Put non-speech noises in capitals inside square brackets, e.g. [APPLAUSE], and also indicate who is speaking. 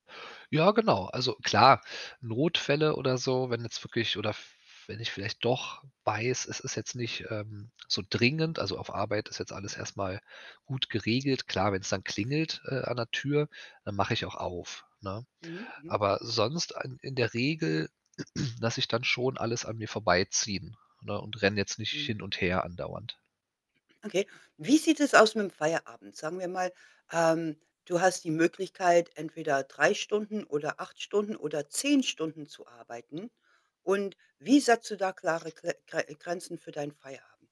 Speaker 1: Ja, genau. Also, klar, Notfälle oder so, wenn jetzt wirklich oder f wenn ich vielleicht doch weiß, es ist jetzt nicht, ähm, so dringend also, auf Arbeit ist jetzt alles erst mal gut geregelt. Klar, wenn es dann klingelt, äh, an der Tür, dann mache ich auch auf, ne?
Speaker 2: Mhm, mhm.
Speaker 1: Aber sonst in in der Regel [CLEARS THROAT] lasse ich dann schon alles an mir vorbeiziehen, ne, und renne jetzt nicht
Speaker 2: Mhm.
Speaker 1: hin und her andauernd.
Speaker 2: Okay. Wie sieht es aus mit 'm Feierabend? Sagen wir mal, ähm, du hast die Möglichkeit, entweder 3 Stunden oder 8 Stunden oder 10 Stunden zu arbeiten. Und wie setzt du da klare Gre Gre Grenzen für deinen Feierabend?